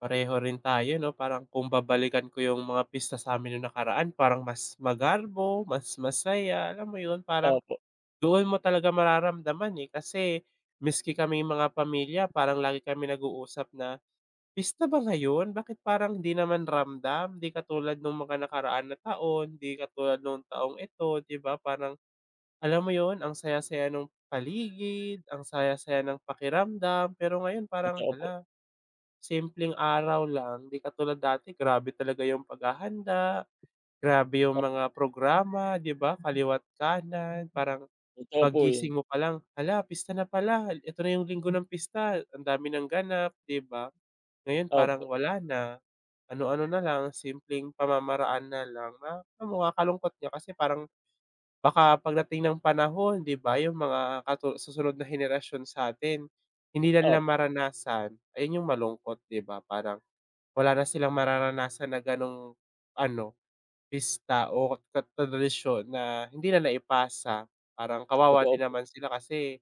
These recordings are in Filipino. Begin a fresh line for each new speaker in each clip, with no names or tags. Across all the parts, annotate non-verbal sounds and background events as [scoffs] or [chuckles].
Pareho rin tayo 'no, parang kung babalikan ko yung mga pista sa'min yung nakaraan parang mas magarbo, mas masaya alam mo yun? Parang
Opo.
doon mo talaga mararamdaman, eh, kasi miski kaming mga pamilya parang lagi kami nag-uusap na, "Pista ba ngayon, bakit parang di naman ramdam?" Di katulad nung mga nakaraan na taon, di katulad nung taong ito di ba. Parang alam mo yun, ang saya-saya ng paligid, ang saya-saya ng pakiramdam, pero ngayon parang,
Totoo po.
hala simpleng araw lang. Di katulad dati grabe talaga yung paghahanda, grabe yung mga programa di ba, kaliwa't kanan. Parang
Totoo po yun.
paggising mo palang, hala pista na pala eto na yung linggo ng pista, ang dami nang ganap di ba. Ngayon, parang
Opo.
wala na, ano-ano na lang, simpleng pamamaraan na lang no? Um, nakakalungkot nga kasi parang baka pagdating ng panahon di ba yung mga katu susunod na henerasyon sa'tin hindi na nila
Opo.
maranasan, ayun yung malungkot di ba? Parang wala na silang mararanasan na gano'ng ano, pista o tad tradisyon na hindi na naipasa parang kawawa
Totoo
din
po.
naman sila kasi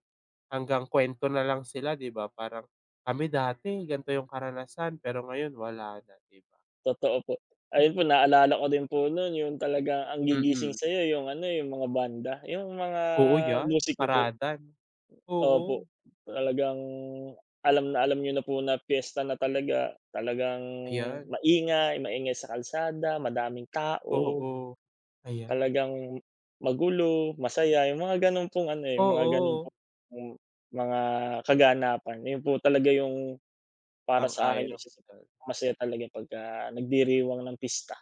hanggang kwento na lang sila di ba, parang, "Kami dati gan'to yung karanasan, pero ngayon wala na", di ba?
Totoo po. Ayun po naalala ko din po nun yun talaga ang gigising
Mm.
sa'yo yung ano, eh, yung mga banda, yung mga
Oo, yan,
musik niyo po
parada,
opo,
oo.
talagang alam na alam niyo na po na piyesta na talaga. Talagang
Ayan. [chuckles]
maingay, maingay sa kalsada madaming tao.
Oo, ayan.
Talagang magulo, masaya, yung mga ganun pong ano, eh, yung mga ganun
Oo.
pong mga kaganapan. Yun po talaga yung para sa akin yung
Sang-ayon ako
isa sa
diyan.
masaya talaga pagka nagdiriwang ng pista.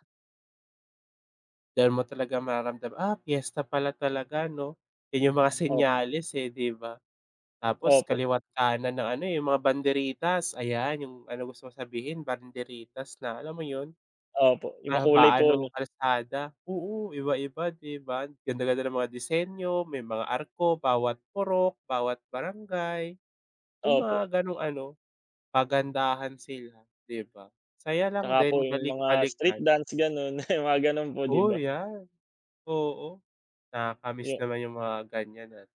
Diyan mo talaga mararamdam, "Ah, piyesta pala talaga 'no?" Yun yung mga
Op
senyales. eh. di ba. Tapos
Opo.
kaliwa't kanan ng ano. eh. yung mga banderitas ayan. yung ano gusto mo sabihin, banderitas na alam mo yun.
Opo, yung makulay
Kahabaan
po
nung
'no?
kalsada oo iba-iba di ba, ganda ganda ng mga disenyo, may mga arko bawat purok, bawat barangay, yung
Opo.
mga ganong ano pagandahan sila di ba? Saya lang
Tsaka po
din
yung mga street
balik-balikan.
dance ganun, [scoffs] mga ganun po di
O
ba?
yan. Oo, nakaka-miss
Yu
naman yung mga ganyan at